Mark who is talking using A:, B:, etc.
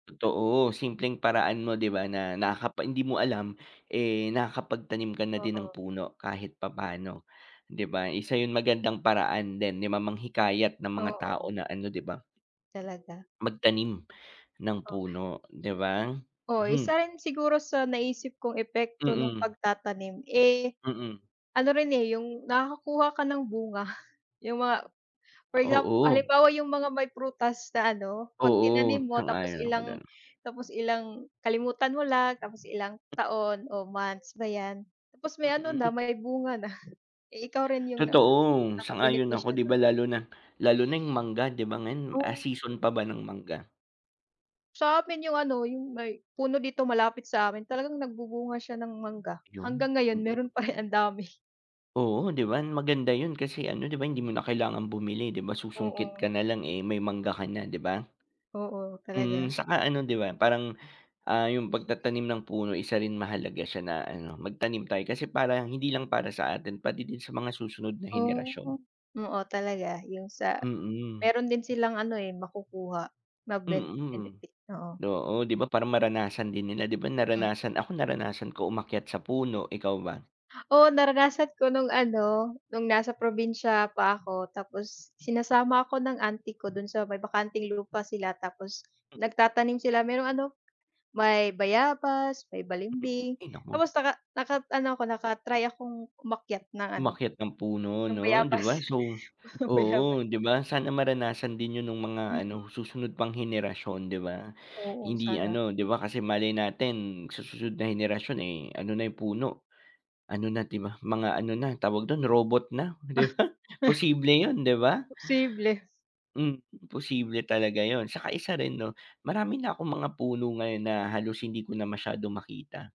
A: Totoo. Simpleng paraan mo, 'di ba, na nakakapa hindi mo alam, eh, nakakapagtanim ka na din ng
B: Oo.
A: puno kahit papaano, 'di ba. Isa 'yon magandang paraan din ni ma manghikayat ng mga tao
B: Oo.
A: na ano, 'di ba?
B: Talaga.
A: Magtanim ng
B: Oh.
A: puno 'di ba?
B: Oo.
A: Mhm.
B: Isa rin siguro sa naisip kong epekto no'ng
A: Mm.
B: pagtatanim, eh,
A: Mm.
B: ano rin, eh, yung nakakakuha ka ng bunga. Yung mga for examp
A: Oo.
B: halimbawa yung mga may prutas na ano, 'pag
A: Oo,
B: tinanim mo tapos
A: sang-ayon ako
B: ilang
A: diyan.
B: tapos ilang kalimutan mo lang tapos ilang
A: M
B: taon o months ba 'yan, tapos may ano na,
A: Mm.
B: may bunga na. Eh, ikaw rin yung naka
A: Totoo, sang-ayon ako.
B: nakabenepisyo
A: 'Di ba
B: do'n.
A: lalo na lalo na yung mangga, 'di ba, ngayon, ah,
B: Oh.
A: season pa ba ng mangga?
B: Sa amin yung ano, yung may puno dito malapit sa'min talagang nagbubunga siya ng mangga
A: 'Yon,
B: hanggang ngayon
A: mm.
B: meron pa rin, ang dami.
A: Oo, 'di ba? Maganda 'yon kasi ano, 'di ba, hindi mo na kailangang bumili, 'di ba, susungkit
B: Oo.
A: ka nalang, eh, may mangga ka, 'di ba?
B: Oo,
A: Mm,
B: talaga.
A: saka ano 'di ba, parang, ah, yung pagtatanim ng puno isa rin mahalaga siya na ano, magtanim tayo kasi parang hindi lang para sa atin pati din sa mga susunod na
B: Oh.
A: henerasyon.
B: Oo, talaga yung sa
A: Mm.
B: meron din silang ano, eh, makukuha,
A: Mm,
B: magbe-benefit, oo.
A: oo, 'di ba? Para maranasan din nila, 'di ba?
B: Hmm.
A: Naranasan ako naranasan ko umakyat sa puno, ikaw ba?
B: Oo, naranasan ko no'ng ano, no'ng nasa probinsya pa ako tapos sinasama ako ng auntie ko do'n sa may bakanteng lupa sila tapos
A: M
B: nagtatanim sila. Merong ano, may bayabas, may balimbing.
A: Ay naku.
B: Tapos naka naka-ano ako, naka-try akong umakyat ng ano,
A: Umakyat ng puno
B: ng
A: 'no, 'di ba?
B: bayabas.
A: So
B: Bayabas.
A: oo, 'di ba? Sana maranasan din 'yon no'ng mga
B: Mm.
A: ano, susunod pang henerasyon, 'di ba?
B: Oo,
A: Hindi
B: sana.
A: ano 'di ba kasi malay natin sa susunod na henerasyon, eh, ano na yung puno, ano na, 'di ba, mga ano na, tawag do'n, robot na, 'di ba, posible, 'yon 'di ba?
B: Posible.
A: Mm, posible talaga 'yon. Saka isa rin 'no, marami na akong mga puno ngayon na halos hindi ko na masyadong makita.